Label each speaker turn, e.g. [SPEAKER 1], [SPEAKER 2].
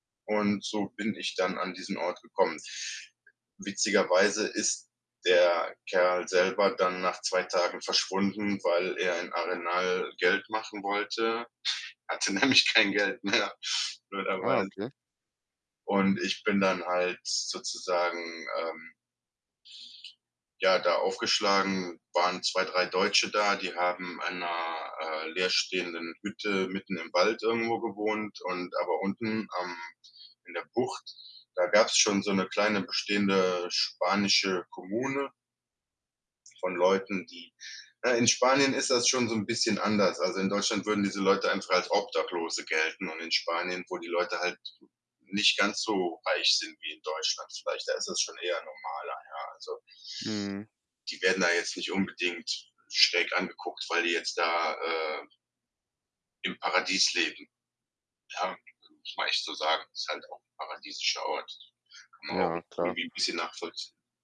[SPEAKER 1] Und so bin ich dann an diesen Ort gekommen. Witzigerweise ist der Kerl selber dann nach 2 Tagen verschwunden, weil er in Arenal Geld machen wollte, hatte nämlich kein Geld mehr,
[SPEAKER 2] Ah,
[SPEAKER 1] blöderweise.
[SPEAKER 2] okay.
[SPEAKER 1] Und ich bin dann halt sozusagen, ähm ja, da aufgeschlagen, waren 2, 3 Deutsche da, die haben in 'ner, äh, leerstehenden Hütte mitten im Wald irgendwo gewohnt und aber unten, ähm, in der Bucht, da gab's schon so 'ne kleine bestehende spanische Kommune von Leuten, die ne, in Spanien ist das schon so 'n bisschen anders. Also, in Deutschland würden diese Leute einfach als Obdachlose gelten und in Spanien, wo die Leute halt n nicht ganz so reich sind wie in Deutschland vielleicht, da ist das schon eher normaler, ja, also
[SPEAKER 2] Mhm.
[SPEAKER 1] die werden da jetzt nicht unbedingt schräg angeguckt, weil die jetzt da, äh im Paradies leben. Ja, da muss man echt so sagen, ist halt auch 'n paradiesischer Ort. Kann man auch 'n
[SPEAKER 2] Ja, klar.
[SPEAKER 1] irgendwie bisschen nachvollzie